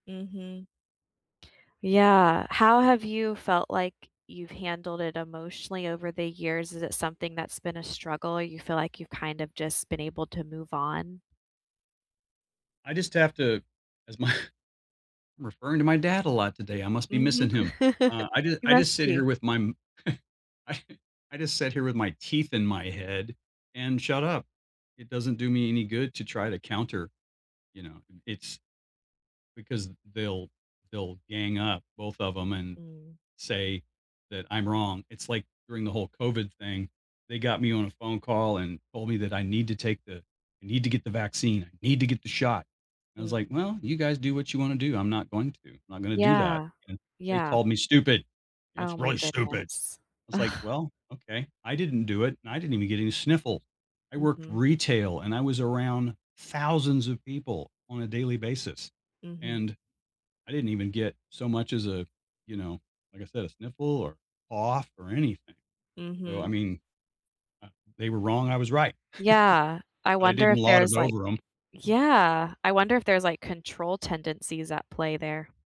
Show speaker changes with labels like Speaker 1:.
Speaker 1: Mhm. Yeah. How have you felt like you've handled it emotionally over the years? Is it something that's been a struggle or you feel like you've kind of just been able to move on?
Speaker 2: I just have to as my I'm referring to my dad a lot today, I must be
Speaker 1: Mhm.
Speaker 2: missing him. Uh, I j
Speaker 1: You
Speaker 2: I
Speaker 1: must
Speaker 2: just sit
Speaker 1: be.
Speaker 2: here with my m I I just sit here with my teeth in my head and shut up. It doesn't do me any good to try to counter, you know, and it's because they'll they'll gang up, both of 'em, and
Speaker 1: Mm.
Speaker 2: say that I'm wrong. It's like, during the whole COVID thing, they got me on a phone call and told me that I need to take the I need to get the vaccine, I need to get the shot, and I was
Speaker 1: Mm.
Speaker 2: like, "Well, you guys do what you wanna do, I'm not going to. I'm not gonna do that."
Speaker 1: Yeah.
Speaker 2: And they
Speaker 1: Yeah.
Speaker 2: called me stupid, you know,
Speaker 1: Oh
Speaker 2: "It's
Speaker 1: my
Speaker 2: really stupid." I
Speaker 1: goodness.
Speaker 2: was like, "Well, okay." I didn't do it, and I didn't even get any sniffle. I worked
Speaker 1: Mhm.
Speaker 2: retail, and I was around thousands of people on a daily basis,
Speaker 1: Mhm.
Speaker 2: and I didn't even get so much as a, you know, like I said, a sniffle or cough or anything. So, I
Speaker 1: Mhm.
Speaker 2: mean, uh, they were wrong, I was right.
Speaker 1: Yeah. I
Speaker 2: But I
Speaker 1: wonder
Speaker 2: didn't
Speaker 1: if
Speaker 2: lot it
Speaker 1: there's, like
Speaker 2: over 'em.
Speaker 1: Yeah. I wonder if there's, like, control tendencies at play there.